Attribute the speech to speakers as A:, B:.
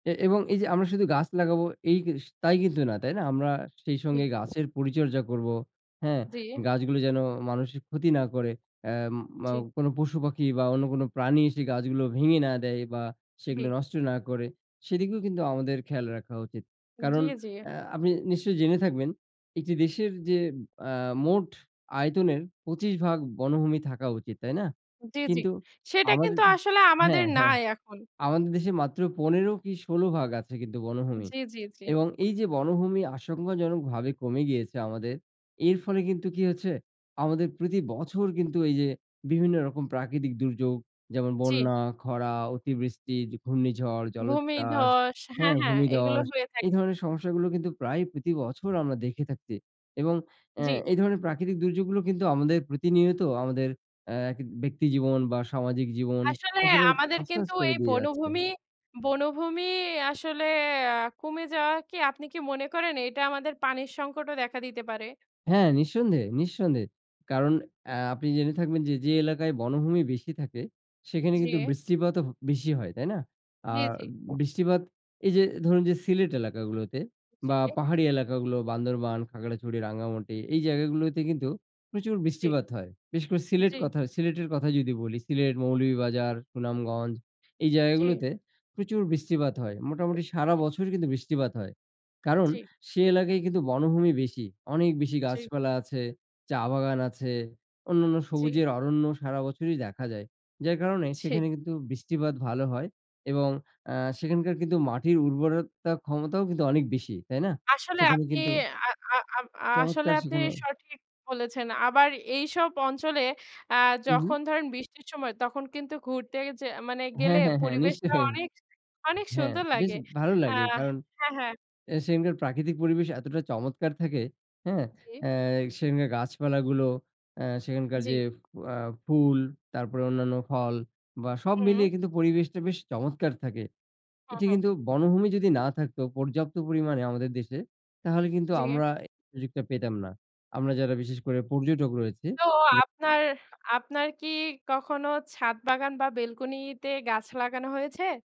A: এ এবং এই যে আমরা শুধু গাছ লাগাবো এই কিউস তাই কিন্তু না, তাই না? আমরা সেই
B: জি।
A: সঙ্গে গাছের পরিচর্যা করবো, হ্যাঁ?
B: জি।
A: গাছগুলো যেন মানুষের ক্ষতি না করে। অ্যা
B: জি।
A: মাও কোনো পশু পাখি বা অন্য কোন প্রাণী এসে গাছগুলো ভেঙে না দেয় বা সেগুলো
B: জি।
A: নষ্ট না করে। সেদিকেও কিন্তু আমাদের খেয়াল রাখা উচিত।
B: জি,
A: কারণ,
B: জি।
A: অ্যা আপনি নিশ্চয়ই জেনে থাকবেন, একটি দেশের যে অ্যা মোট আয়তনের ২৫ ভাগ বনভূমি থাকা উচিত, তাই না?
B: জি, জি।
A: কিন্তু
B: সেটা
A: আমাদের
B: কিন্তু আসলে আমাদের
A: হ্যাঁ, হ্যাঁ।
B: নাই এখন।
A: আমাদের দেশে মাত্র ১৫ কি, ১৬ ভাগ আছে কিন্তু বনভূমি।
B: জি, জি, জি।
A: এবং এই যে বনভূমি আশঙ্কাজনকভাবে কমে গিয়েছে আমাদের, এর ফলে কিন্তু কি হয়েছে? আমাদের, প্রতি বছর কিন্তু এই যে বিভিন্ন রকম প্রাকৃতিক দুর্যোগ যেমন,
B: জি।
A: বন্যা, খরা, অতিবৃষ্টি, ঝ ঘূর্ণিঝড়, জলোচ্ছ্বাস
B: ভূমিধ্বস
A: হ্যাঁ,
B: হ্যাঁ, হ্যাঁ। এগুলো
A: ভূমিধস,
B: হয়ে
A: এই
B: থাকে।
A: ধরনের সমস্যাগুলো কিন্তু প্রায় প্রতি বছর আমরা দেখে থাকছি। এবং অ্যা
B: জি।
A: এই ধরনের প্রাকৃতিক দুর্যোগগুলো কিন্তু আমাদের, প্রতিনিয়ত আমাদের অ্যা ব্যক্তিজীবন বা সামাজিক জীবন
B: আসলে
A: একেবারে
B: আমাদের
A: তছ-নছ
B: কিন্তু
A: করে
B: এই
A: দিয়ে যাচ্ছে।
B: বনভূমি, বনভূমি আসলে আ কমে যাওয়া কী, আপনি কী মনে করেন এটা আমাদের পানির সংকটও দেখা দিতে পারে?
A: হ্যাঁ। নিঃসন্দেহে, নিঃসন্দেহে। কারণ অ্যা আপনি জেনে থাকবেন যে, যে এলাকায় বনভূমি বেশি থাকে সেখানে কিন্তু
B: জি।
A: বৃষ্টিপাতও ব বেশি হয়, তাই না?
B: জি,
A: আর
B: জি।
A: বৃষ্টিপাত এই যে ধরুন যে, সিলেট এলাকাগুলোতে বা
B: জি।
A: পাহাড়ি এলাকাগুলো, বান্দরবান, খাগড়াছড়ি, রাঙ্গামাটি এই জায়গাগুলোতে কিন্তু প্রচুর
B: জি।
A: বৃষ্টিপাত হয়। বিশেষ করে সিলেট
B: জি।
A: কথা সিলেটের কথা যদি বলি। সিলেট, মৌলভীবাজার, সুনামগঞ্জ এই
B: জি।
A: জায়গাগুলোতে প্রচুর বৃষ্টিপাত হয়, মোটামুটি সারা
B: উহু।
A: বছর কিন্তু বৃষ্টিপাত হয়। কারণ
B: জি।
A: সে এলাকায় কিন্তু বনভূমি বেশি। অনেক বেশি
B: জি।
A: গাছপালা আছে, চা বাগান আছে, অন্যান্য
B: জি।
A: সবুজের অরণ্য সারা বছরই দেখা যায়। যার কারণে
B: জি।
A: সেখানে কিন্তু বৃষ্টিপাত ভালো হয় এবং আ সেখানকার কিন্তু মাটির উর্বরতা ক্ষমতাও কিন্তু অনেক বেশি, তাই না?
B: আসলে
A: সেখানে
B: আপনি,
A: কিন্তু
B: আ আ আ আসলে
A: চমৎকার
B: আপনি
A: সেখানেও
B: সঠিক বলেছেন। আবার এইসব অঞ্চলে, আ
A: হুম, হুম।
B: যখন ধরেন বৃষ্টির সময় তখন কিন্তু ঘুরতে যে, মানে গেলে
A: হ্যাঁ, হ্যাঁ, হ্যাঁ,
B: পরিবেশটা
A: নিশ্চয়ই।
B: অনেক, অনেক
A: হ্যাঁ,
B: সুন্দর
A: বেশ
B: লাগে।
A: ভালো
B: আ
A: লাগে। কারণ
B: হ্যাঁ, হ্যাঁ।
A: এ সেখানকার প্রাকৃতিক পরিবেশ এতটা চমৎকার থাকে, হ্যাঁ?
B: জি।
A: আ সেখানকার গাছপালাগুলো, অ্যা সেখানকার
B: জি।
A: যে, অ্যা ফুল তারপরে অন্যান্য ফল বা সব মিলিয়ে
B: উ
A: কিন্তু পরিবেশটা বেশ চমৎকার থাকে।
B: হুম,
A: এটি
B: হুম।
A: কিন্তু বনভূমি যদি না থাকতো পর্যাপ্ত পরিমাণে আমাদের দেশে, তাহলে কিন্তু
B: জি।
A: আমরা এ সুযোগটা পেতাম না। আমরা যারা বিশেষ করে পর্যটক রয়েছি।
B: তো
A: [unintelligible]
B: আপনার, আপনার কী কখনো ছাদবাগান বা বেলকনিতে গাছ লাগানো হয়েছে?